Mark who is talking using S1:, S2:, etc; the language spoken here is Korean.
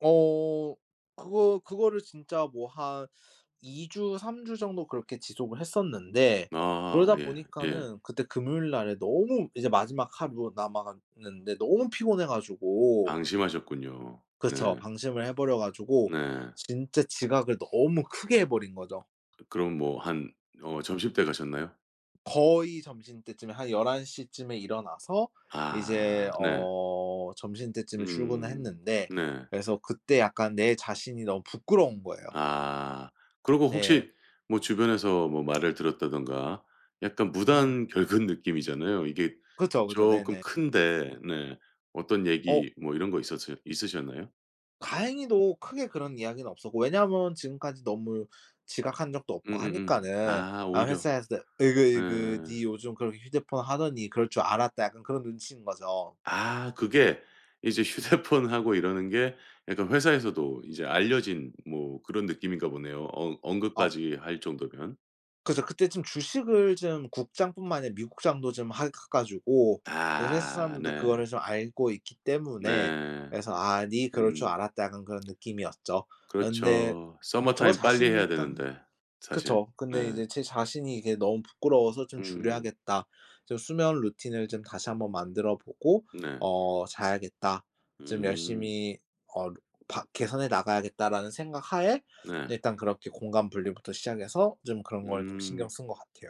S1: 어 그거 그거를 진짜 뭐 한 2 주, 3 주 정도 그렇게 지속을 했었는데
S2: 아.
S1: 그러다
S2: 예 예.
S1: 보니까는 그때 금요일날에 너무 이제 마지막 하루 남아갔는데 너무 피곤해 가지고
S2: 방심하셨군요.
S1: 그쵸.
S2: 네.
S1: 방심을 해 버려 가지고
S2: 네.
S1: 진짜 지각을 너무 크게 해 버린 거죠.
S2: 그럼 뭐 한 어 점심때 가셨나요?
S1: 거의 점심때쯤에 한 11:00쯤에 일어나서
S2: 아
S1: 이제
S2: 네.
S1: 어 점심때쯤에 출근을
S2: 음
S1: 했는데
S2: 네.
S1: 그래서 그때 약간 내 자신이 너무 부끄러운 거예요.
S2: 아. 그러고
S1: 네.
S2: 혹시 뭐 주변에서 뭐 말을 들었다던가 약간
S1: 음.
S2: 무단 결근 느낌이잖아요. 이게
S1: 그쵸, 그죠.
S2: 쪼끔
S1: 네네.
S2: 큰데 네 어떤
S1: 어.
S2: 얘기 뭐 이런 거 있었으 있으셨나요?
S1: 다행히도 크게 그런 이야기는 없었고 왜냐면 지금까지 너무 지각한 적도 없고
S2: 음음음.
S1: 하니까는
S2: 아
S1: 아
S2: 오히려.
S1: 회사에서 '으이그
S2: 네.
S1: 으이그 니 요즘 그렇게 휴대폰 하더니 그럴 줄 알았다.' 약간 그런 눈치인 거죠.
S2: 아 그게 이제 휴대폰하고 이러는 게 약간 회사에서도 이제 알려진 뭐 그런 느낌인가 보네요, 어
S1: 어.
S2: 언급까지 할 정도면.
S1: 그죠. 그때 좀 주식을 좀 국장 뿐만 아니라 미국장도 좀 하 해 가지고 회사
S2: 아
S1: 사람들도 그거를
S2: 네.
S1: 좀 알고 있기 때문에
S2: 네.
S1: 그래서 '아, 네 그럴 줄
S2: 음.
S1: 알았다.' 약간 그런 느낌이었죠. 그런데
S2: 그렇죠.
S1: 저
S2: 서머타임 빨리
S1: 자신이
S2: 해야
S1: 일단
S2: 되는데 사실.
S1: 그쵸.
S2: 네.
S1: 근데 이제 제 자신이 이게 너무 부끄러워서 '좀
S2: 음.
S1: 줄여야겠다. 좀 수면 루틴을 좀 다시 한번 만들어 보고
S2: 네.
S1: 어 자야겠다. 좀
S2: 음.
S1: 열심히 어 루 바 개선해 나가야겠다.'라는 생각하에
S2: 네.
S1: 일단 그렇게 공간 분리부터 시작해서 좀 그런 걸 좀 신경
S2: 음.
S1: 쓴 것 같아요.